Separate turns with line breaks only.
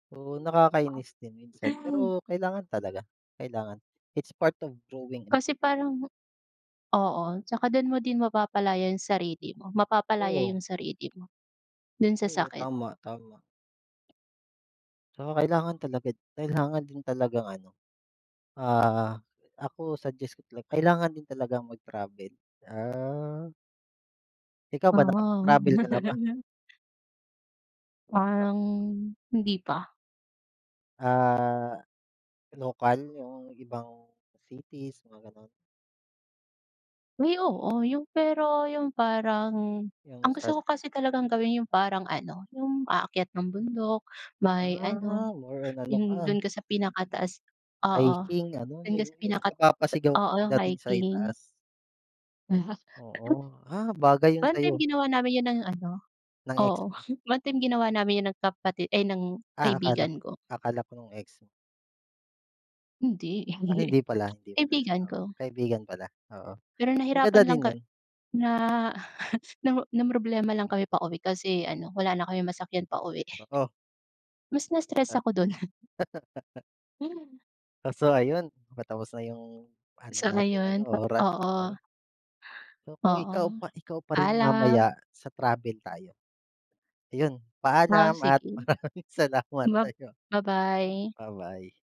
Oo nakakainis din minsan pero kailangan talaga kailangan, it's part of growing up.
Kasi parang oo, tsaka dun mo din mapapalaya yung sarili mo mapapalaya
Oo.
yung sarili mo, dun sa
Oo
sakit.
tama, tama. So kailangan talaga kailangan din talagang ano ah, ako suggest to talaga kailangan din talagang mag-travel, ah. Ikaw ba
Ah.
nakapag-travel ka na ba?
Parang hindi pa.
Ah, lokal yung ibang cities, mga ganon?
Uy, oo, yung pero yung parang
Yung
ang
isas
gusto ko kasi talagang gawin yung parang ano yung aakyat ng bundok, may
Ah,
ano,
more on ano ka
yung dun ka sa pinakataas oo,
hiking ano
dun ka
yun
sa
yung yung
pinakat
napapasigaw ka
oo
'pag dating sa itaas.
hiking.
Oo, ah bagay yun
One-time
sa'yo.
ginawa namin yun ng ano
Ng ex
oo,
mo?
one time ginawa namin yun ng kapati ay ng
Ah, akala ko
kaibigan ko.
akala ko yung ex mo.
Hindi,
Ah hindi pala, hindi pala.
kaibigan
Oo
ko.
kaibigan pala, oo,
Pero
maganda
nahirapan lang
din
ka
yun.
na namro namroblema lang kami pauwi kasi ano wala na kaming masakyan pauwi.
Oo.
Mas na stress
Ah,
ako dun.
ah.
Hmm.
Kaso ayun, patapos na yung ano
Sa
natin ano
ngayon o
oras oo.
oo.
So kung ikaw
Oo,
pa ikaw pa rin
paalam.
mamaya, sa travel tayo ayun
Ah
paalam at
sige,
maraming salamat
ba
sa'yo.
ba-bye.
Ba-bye.